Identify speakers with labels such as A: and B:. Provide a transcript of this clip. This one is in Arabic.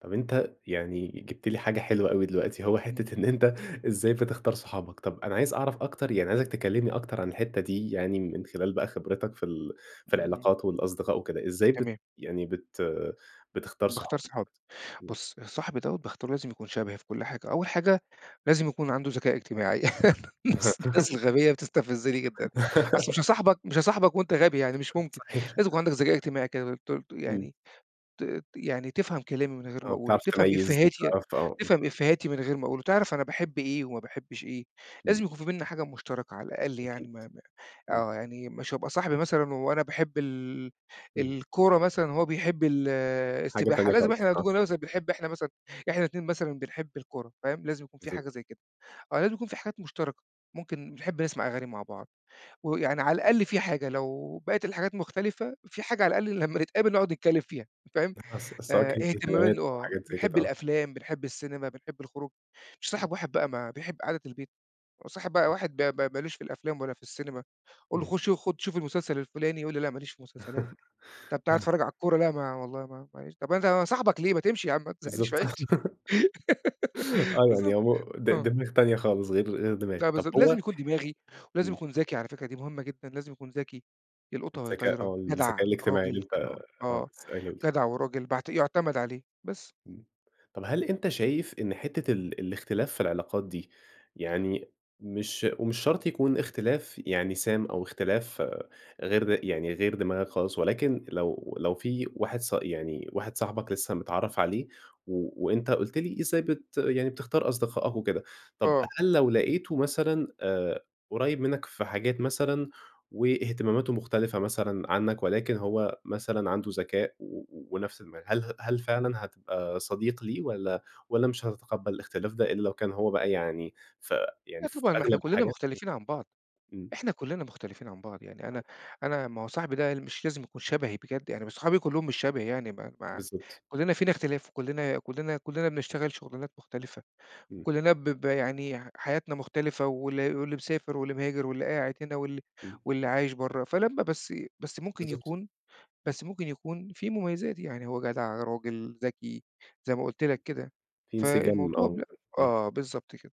A: طب أنت يعني جِبت لي حاجة حلوة أوي دلوقتي، هو
B: إمم.
A: حتّة إن أنت إزاي بتختار صحابك. طب أنا عايز أعرف أكتر، يعني عايزك تكلّمني أكتر عن الحتّة دي يعني من خلال بقى خبرتك في ال في
B: إمم.
A: العلاقات والأصدقاء وكده، إزاي بت
B: تمام.
A: يعني بت بتختار
B: باختار
A: صحابك؟
B: صحابي.
A: إمم.
B: بُص، صاحبي دوّة باختاره لازم يكون شبهي في كل حاجة. أول حاجة، لازم يكون عنده ذكاء اجتماعي. الناس الناس الغبية بتستفزني جدًا. أصل مش هاصاحبك مش هاصاحبك وأنت غبي يعني مش ممكن.
A: صحيح.
B: لازم يكون عندك ذكاء اجتماعي كده ت ت
A: إمم.
B: يعني ت يعني تفهم كلامي من غير
A: آه
B: ما أقوله،
A: بتعرف
B: وتفهم
A: تميّز
B: إفّيهاتي
A: وبتعرف ت آه.
B: تفهم إفّيهاتي من غير ما أقوله. تعرف أنا باحب إيه وما باحبش إيه،
A: إمم.
B: لازم يكون في بيننا حاجة مشتركة على الأقل
A: أكيد.
B: يعني ما ما
A: إمم.
B: آه. يعني مش هابقى صاحبي مثلًا وأنا باحب ال
A: إمم.
B: الكورة مثلًا وهو بيحب ال
A: حاجة
B: السباحة،
A: تانية
B: لازم
A: خالص
B: إحنا
A: آه.
B: [unintelligible] بنحب إحنا مثلًا إحنا الاتنين مثلًا بنحب الكورة فاهم؟ لازم يكون في
A: بالضبط.
B: حاجة زي كده. آه، لازم يكون في حاجات مشتركة، ممكن بنحب نسمع أغاني مع بعض ويعني على الأقل في حاجة لو بقيت الحاجات مختلفة، في حاجة على الأقل لمّا نتقابل نقعد نتكلّم فيها فاهم؟
A: [unintelligible] س سواء
B: آآ
A: كان في
B: اهتمام إن
A: خدمات أو
B: آه.
A: حاجات زي
B: بنحب
A: كده آه.
B: الأفلام، بنحب السينما، بنحب الخروج. مش هاصاحب واحد بقى ما بيحب قعدة البيت، وأصاحب بقى واحد ب ب ما لوش في الأفلام ولا في السينما. أقول له
A: إمم.
B: خُش خُد شوف المسلسل الفُلاني. يقول لي لأ ما ليش في مسلسلات. طب تعالَ
A: آه.
B: اتفرّج على الكورة. لأ ما والله ما معلش. طب أنا صاحبك ليه؟ ما تمشي يا عم ما تزهّقنيش
A: بالضبط.
B: في عيشتي.
A: آه. يعني
B: بالضبط،
A: أمو د
B: آه.
A: دماغ تانية خالص غير غير
B: لأ
A: دماغك. طب
B: بالضبط.
A: هو
B: لازم يكون دماغي ولازم
A: إمم.
B: يكون ذكي على فكرة دي مهمة جدًا، لازم يكون ذكي. يلقطها وهي
A: الذكاء
B: طايرة،
A: آه.
B: جدع،
A: الذكاء الاجتماعي اللي
B: راجل
A: أنت
B: كده
A: آه،
B: آه.
A: لسّه قايله لي.
B: جدع وراجل بعت يُعتَمَد عليه بس.
A: إمم. طب هل أنت شايف إن حتّة ال الاختلاف في العلاقات دي يعني مش ومش شرط يكون اختلاف يعني سام أو اختلاف غير يعني غير دماغك خالص ولكن لو لو في واحد صا يعني واحد صاحبك لسّه متعرّف عليه و وأنت قُلت لي إزاي بت يعني بتختار أصدقائك وكده، طب
B: آه.
A: هل لو لقيته مثلًا آآ قريّب منّك في حاجات مثلًا، واهتماماته مختلفة مثلًا عنّك ولكن هو مثلًا عنده ذكاء و ونفس دماغك، هل هل فعلًا هتبقى صديق ليه والّا والّا مش هتتقبّل الاختلاف ده إلّا لو كان هو بقى يعني ف يعني
B: لأ
A: في
B: طبعًا، ما إحنا
A: أغلب
B: كُلّنا
A: الحاجات
B: مختلفين عن بعض،
A: إمم، إمم.
B: إحنا كُلّنا مختلفين عن بعض. يعني أنا
A: [unintelligible]
B: أنا ما هو صاحبي ده مش لازم يكون شبهي بجد، يعني ما صحابي كُلّهم مش شبهي يعني ما ما
A: بالضبط.
B: كُلّنا فينا اختلاف وكُلّنا كُلّنا كُلّنا بنشتغل شُغلانات مختلفة
A: إمم.
B: وكُلّنا ب ب يعني حياتنا مختلفة واللي واللي مسافر واللي مهاجر واللي قاعد هنا واللي
A: إمم.
B: واللي عايش برّه. فلمّا بس بس ممكن
A: بالضبط.
B: يكون بس ممكن يكون فيه مميزات. يعني هو جدع، راجل، ذكي زي ما قُلت لك كده.
A: في انسجام
B: فالموضوع
A: آه.
B: ب
A: إمم.
B: آه. بالضبط كده.